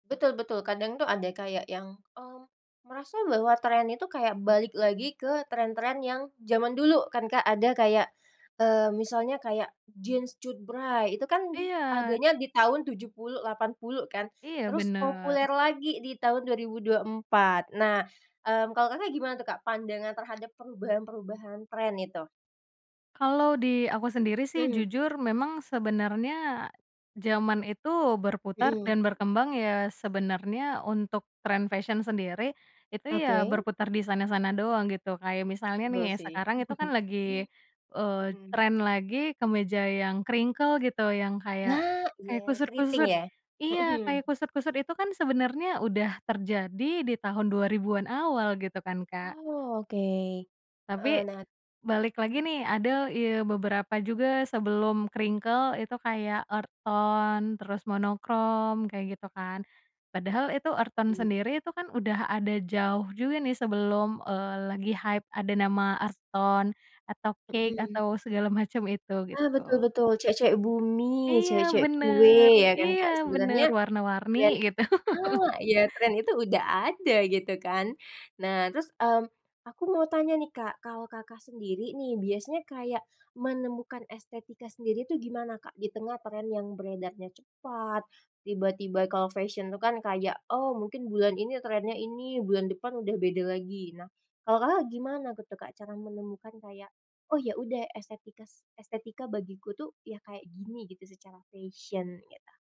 Betul betul kadang tuh ada kayak yang, mmm, merasa bahwa tren itu kayak balik lagi ke tren-tren yang zaman dulu kan Kak ada kayak, eee, misalnya kayak jeans cutbray itu kan Iya. adanya di tahun 70, 80 kan, Iya terus benar. populer lagi di tahun 2024 nah, mmm, kalau Kakak gimana tuh Kak pandangan terhadap perubahan-perubahan tren itu? Kalau di aku sendiri sih Mhm. jujur memang sebenarnya, zaman itu berputar Mhm. dan berkembang ya sebenarnya untuk trend fashion sendiri, itu ya Oke. berputar di sana-sana doang gitu kayak misalnya Betul nih sih. sekarang itu kan lagi, eee, Mhm. trend lagi kemeja yang crinkle gitu yang kayak yang kayak Nah iya kayak keriting kusut-kusut ya? Mhm. iya kayak kusut-kusut itu kan sebenarnya udah terjadi di tahun 2000-an awal gitu kan Kak. Oke, Tapi, heeh, nah balik lagi nih ada ya beberapa juga sebelum crinkle itu kayak earth tone terus monokrom kayak gitu kan, padahal itu earth tone Mmm. sendiri itu kan udah ada jauh juga nih sebelum, eee, lagi hype ada nama earth tone atau cake Mhm. atau segala macam itu Ah, betul gitu. betul cewek-cewek bumi, Iya cewek-cewek kue benar ya kan iya Kak benar sebenernya warna-warni dan gitu. ah, tren itu udah ada gitu kan nah terus, mmm, aku mau tanya nih Kak, kalau Kakak sendiri nih biasanya kayak menemukan estetika sendiri tuh gimana Kak, di tengah tren yang beredarnya cepat, tiba-tiba kalau fashion itu kan kayak, oh mungkin bulan ini trennya ini bulan depan udah beda lagi, nah kalau Kakak gimana gitu tuh Kak cara menemukan kayak, oh ya udah estetika es bagiku tuh ya kayak gini gitu secara fashion gitu?